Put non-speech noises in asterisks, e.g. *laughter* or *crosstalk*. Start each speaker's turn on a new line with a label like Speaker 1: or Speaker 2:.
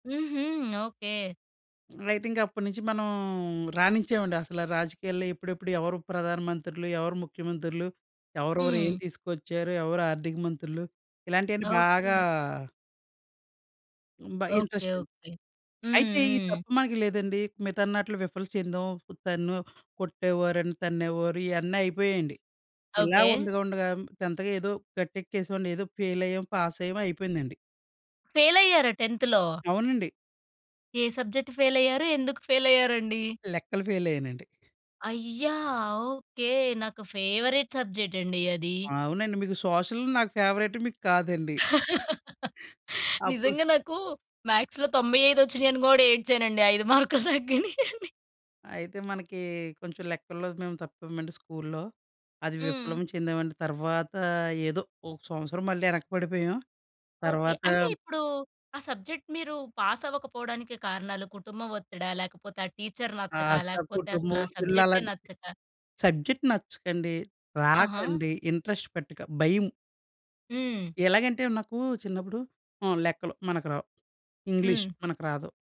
Speaker 1: హుహు, ఓకె.
Speaker 2: అయితే ఇంకా అప్పటినుంచి మనం రాణించామండసల రాజకీయాల్లో ఎప్పుడెప్పుడు ఎవరు ప్రధానమంత్రులు? ఎవరు ముఖ్యమంత్రులు? ఎవరెవరు ఏం
Speaker 1: హ్మ్.
Speaker 2: తీసుకొచ్చారు? ఎవరు ఆర్థిక మంత్రులు? ఇలాంటివన్నీ బాగా
Speaker 1: ఓకె.
Speaker 2: హ్మ్. బ
Speaker 1: ఓకె,
Speaker 2: ఇంట్రెస్ట్ండి.
Speaker 1: ఓకె. హ్మ్,
Speaker 2: అయితే ఈ
Speaker 1: హ్మ్.
Speaker 2: తప్పు మనకి లేదండి. మిగతావన్నట్లు విఫలం చెందాం. తన్నో, కొట్టేవారని, తన్నేవారు ఇయన్నీ అయిపోయాయండి. ఇలా
Speaker 1: ఓకె.
Speaker 2: ఉండగా, ఉండగా 10థ్‌గా ఏదో గట్టెక్కేసేవాడిని. ఏదో ఫెయిల్ అయ్యాం. పాస్ అయ్యామో అయిపోయిందండి.
Speaker 1: ఫెయిలైయ్యారా 10థ్‌లో?
Speaker 2: అవునండి.
Speaker 1: ఏ సబ్జెక్ట్ ఫెయిలైయ్యారు? ఎందుకు ఫెయిలైయ్యారండి?
Speaker 2: లెక్కలు ఫెయిలైయ్యానండి.
Speaker 1: అయ్యా! ఓకె. నాకు ఫేవరైట్ సబ్జెక్ట్ అండి అది.
Speaker 2: అవునండి. మీకు సోషల్ నాకు ఫేవరైట్ మీకు కాదండి.
Speaker 1: *giggles*
Speaker 2: *giggles* అప్పుడు
Speaker 1: నిజంగా. నాకు మ్యాథ్స్‌లో 95 వచ్చినాయని కూడా ఏడ్చానండి. 5 మార్కులు *giggles* తగ్గినాయని.
Speaker 2: అయితే మనకి కొంచెం లెక్కల్లో మేము తప్పామండి స్కూల్‌లో. అది
Speaker 1: హ్మ్.
Speaker 2: విప్లవం చెందామండి. తర్వాత ఏదో ఒక సంవత్సరం మళ్ళీ ఎనక పడిపోయాం.
Speaker 1: ఓకే.
Speaker 2: తర్వాత
Speaker 1: అంటే ఇప్పుడు, ఆ సబ్జెక్ట్ మీరు పాస్ అవ్వకపోవడానికి కారణాలు కుటుంబం ఒత్తిడా? లేకపోతే ఆ టీచర్
Speaker 2: ఆ!
Speaker 1: నచ్చకా?
Speaker 2: సా
Speaker 1: లేకపోతే
Speaker 2: కుటుంబం
Speaker 1: అసలా
Speaker 2: ఒత్తిడిలు
Speaker 1: సబ్జెక్టే
Speaker 2: అలాంటి
Speaker 1: నచ్చకా?
Speaker 2: సబ్జెక్ట్ నచ్చకండి,
Speaker 1: ఆహా!
Speaker 2: రాకండి, ఇంట్రెస్ట్ పెట్టక, భయం.
Speaker 1: హ్మ్.
Speaker 2: ఎలాగంటే, నాకు చిన్నప్పుడు హ్మ్, లెక్కలు మనకు రావు. ఇంగ్లీష్
Speaker 1: హ్మ్.
Speaker 2: మనకు రాదు.